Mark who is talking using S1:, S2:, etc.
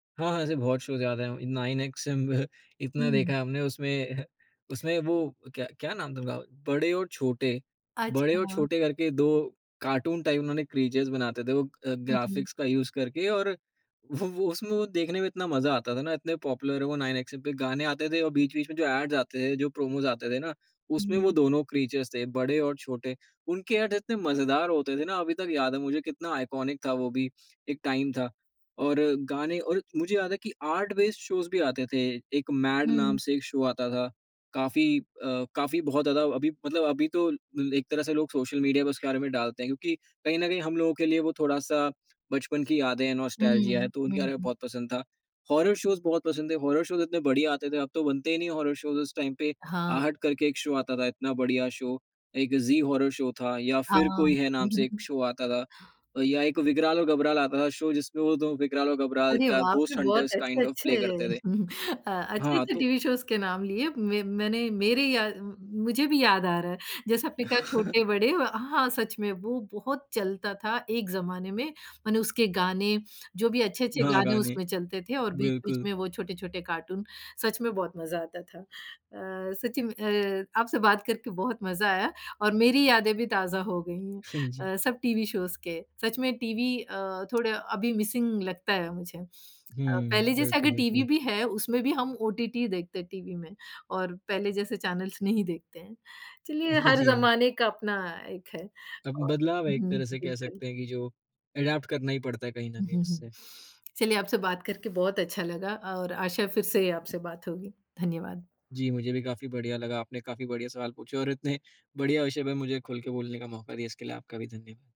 S1: हाँ, हाँ, ऐसे बहुत शोज़ याद है, नाइनएक्सएम इतना
S2: हुँ।
S1: देखा है हमने उसमें, उसमें वो क्या क्या नाम था उनका? बड़े और छोटे, बड़े और
S2: अच्छा।
S1: छोटे करके 2 कार्टून टाइप उन्होंने क्रीचर्स बनाते थे। वो अ,
S2: हुँ, हुँ।
S1: ग्राफिक्स का यूज़ करके और वो वो उसमें वो देखने में इतना मज़ा आता था ना इतने पॉपुलर है वो नाइनएक्सएम पे गाने आते थे और बीच-बीच में जो एड्स आते थे जो प्रोमोस आते थे ना, उसमें वो
S2: हुँ।
S1: दोनों क्रीचर्स थे बड़े और छोटे। उनके ऐड इतने मज़ेदार होते थे ना अभी तक याद है मुझे कितना आइकॉनिक था वो भी, एक टाइम था। और गाने और मुझे याद है कि आर्ट बेस्ड शोज़ भी आते थे, एक मैड नाम
S2: हुँ।
S1: से एक शो आता था काफ़ी अ, काफ़ी बहुत ज़्यादा अभी मतलब अभी तो ल एक तरह से लोग सोशल मीडिया में उसके बारे में डालते हैं क्योंकि कहीं न कहीं हम लोग के लिए वो थोड़ा-सा बचपन की यादें है नॉस्टेल्जिया
S2: हुँ,
S1: है, तो
S2: हुँ,
S1: उनके बारे में
S2: हुँ।
S1: बहुत पसंद था। हॉरर शोज़ बहुत पसंद है, हॉरर शोज़ इतने बढ़िया आते थे, अब तो बनते ही नहीं हॉरर शोज़ उस टाइम पे,
S2: हाँ,
S1: आहट
S2: बिल्कुल।
S1: करके एक शो आता था इतना बढ़िया शो एक ज़ी हॉरर शो था, या फिर
S2: हाँ।
S1: कोई है, नाम से एक शो आता था अ, या एक विग्राल और घबराल आता था शो जिसमें वो 2 विग्राल और घबराल
S2: अरे
S1: क्या
S2: वाह! आपने
S1: घोस्ट
S2: बहुत
S1: हंटर्स काइंड ऑफ प्ले
S2: अच्छे-अच्छे,
S1: करते थे।
S2: अ,
S1: हाँ
S2: अच्छे-अच्छे
S1: तो
S2: टीवी शोज़ के नाम लिए म मैंने मेरे याद मुझे भी याद आ रहा है, जैसे आपने कहा छोटे-बड़े अ, हाँ, सच में वो बहुत चलता था एक ज़माने में। मैंने उसके गाने, जो भी अच्छे-अच्छे
S1: हाँ,
S2: गाने
S1: गाने,
S2: उसमें चलते थे और बीच-बीच
S1: बिल्कुल।
S2: में वो छोटे-छोटे कार्टून, सच में बहुत मज़ा आता था। अ, सच्ची में अ, आपसे बात करके बहुत मज़ा आया और मेरी यादें भी ताज़ा हो गई हैं।
S1: हाँ जी।
S2: अ, सब टीवी शोज़ के, सच में टीवी अ, थोड़ा अभी मिसिंग लगता है, मुझे। अ,
S1: हुँ,
S2: पहले जैसा
S1: बिल्कुल,
S2: अगर टीवी
S1: बिल्कुल।
S2: भी है उसमें भी हम ओटीटी ही देखते हैं टीवी में और पहले जैसे चैनलस नहीं देखते हैं। चलिए हर
S1: जी हाँ।
S2: ज़माने का अपना एक है
S1: अब
S2: और
S1: बदलाव है एक
S2: हुँ,
S1: तरह से कह
S2: बिल्कुल।
S1: सकते हैं कि जो एडैप्ट करना ही पड़ता है, कहीं न कहीं
S2: उहुँ, हुँ।
S1: उससे।
S2: चलिए आपसे बात करके बहुत अच्छा लगा और आशा फिर से आपसे बात होगी। धन्यवाद।
S1: जी, मुझे भी काफ़ी बढ़िया लगा, आपने काफ़ी बढ़िया सवाल पूछे और इतने, बढ़िया विषय पे मुझे खुल के बोलने का मौका दिया इसके लिए आपका भी धन्य